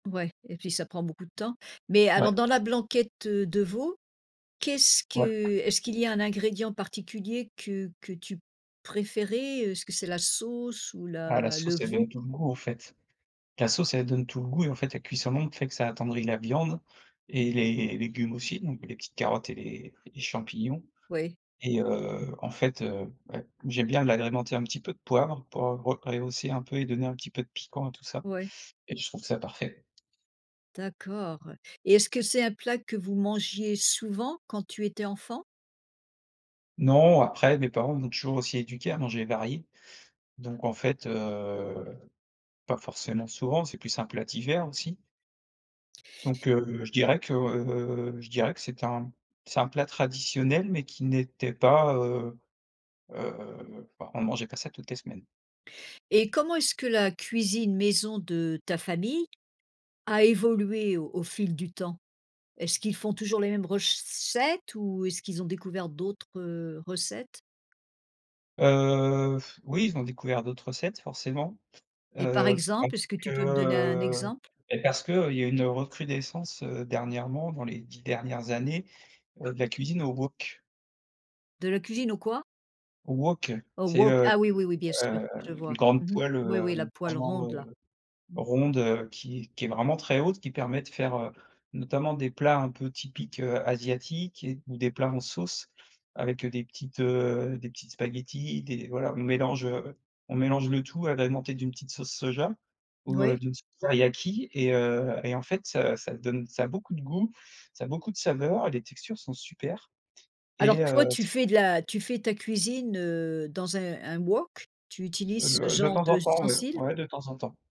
Ouais. Et puis ça prend beaucoup de temps. Mais Ouais. alors dans la blanquette, heu, de veau, qu'est-ce que Ouais. est-ce qu'il y a un ingrédient particulier que que tu préférais, heu, est-ce que c'est la sauce ou Ah, la la le sauce elle veau? donne tout le goût en fait. La sauce elle donne tout le goût et en fait, la cuisson longue fait que ça attendrit la viande et les les légumes aussi donc les petites carottes et les les champignons Oui. et heu, en fait, heu, ouais, j'aime bien l'agrémenter un petit peu de poivre pour re rehausser un peu et donner un petit peu de piquant à tout ça Oui. et je trouve ça parfait. D'accord et est-ce que c'est un plat que vous mangiez souvent quand tu étais enfant? Non, après mes parents m'ont toujours aussi éduqué à manger varié, donc en fait, heu, pas forcément souvent, c'est plus un plat d'hiver aussi. Donc, heu, je dirais que, heu, je dirais que c'était un c'est un plat traditionnel mais qui n'était pas, heu, heu, bah, on mangeait pas ça toutes les semaines. Et comment est-ce que la cuisine maison de ta famille a évolué au au fil du temps? Est-ce qu'ils font toujours les mêmes recettes ou est-ce qu'ils ont découvert d'autres, heu, recettes? Heu, oui, ils ont découvert d'autres recettes forcément, Et par heu, parce exemple? Est-ce que que, tu peux me donner un heu. exemple? Bah, parce qu'il y a une recrudescence, heu, dernièrement dans les 10 dernières années, heu, de la cuisine au wok. De la cuisine au quoi? Au wok. Au C'est, wok. heu, Ah oui, oui, oui, bien sûr, hem, je heu, une vois. grande Mmh mh. poêle, Oui, oui la heu, poêle vraiment, ronde là. heu, Mmh. ronde, heu, qui qui est vraiment très haute. Qui permet de faire, heu, notamment des plats un peu typiques, heu, asiatiques et ou des plats en sauce avec, heu, des petites, heu, des petites spaghettis, des voilà, on mélange, heu, on mélange le tout agrémenté d'une petite sauce soja, ou, heu, Oui? d'une sauce teriyaki et heu, et en fait, heu, ça donne ça a beaucoup de goût, ça a beaucoup de saveurs et les textures sont super, Alors et toi heu, tu c' fais de la tu fais ta cuisine, heu, dans un un wok, tu Heu, utilises ce le de genre temps en temps ouais, d'ustensile? ouais, de temps en temps.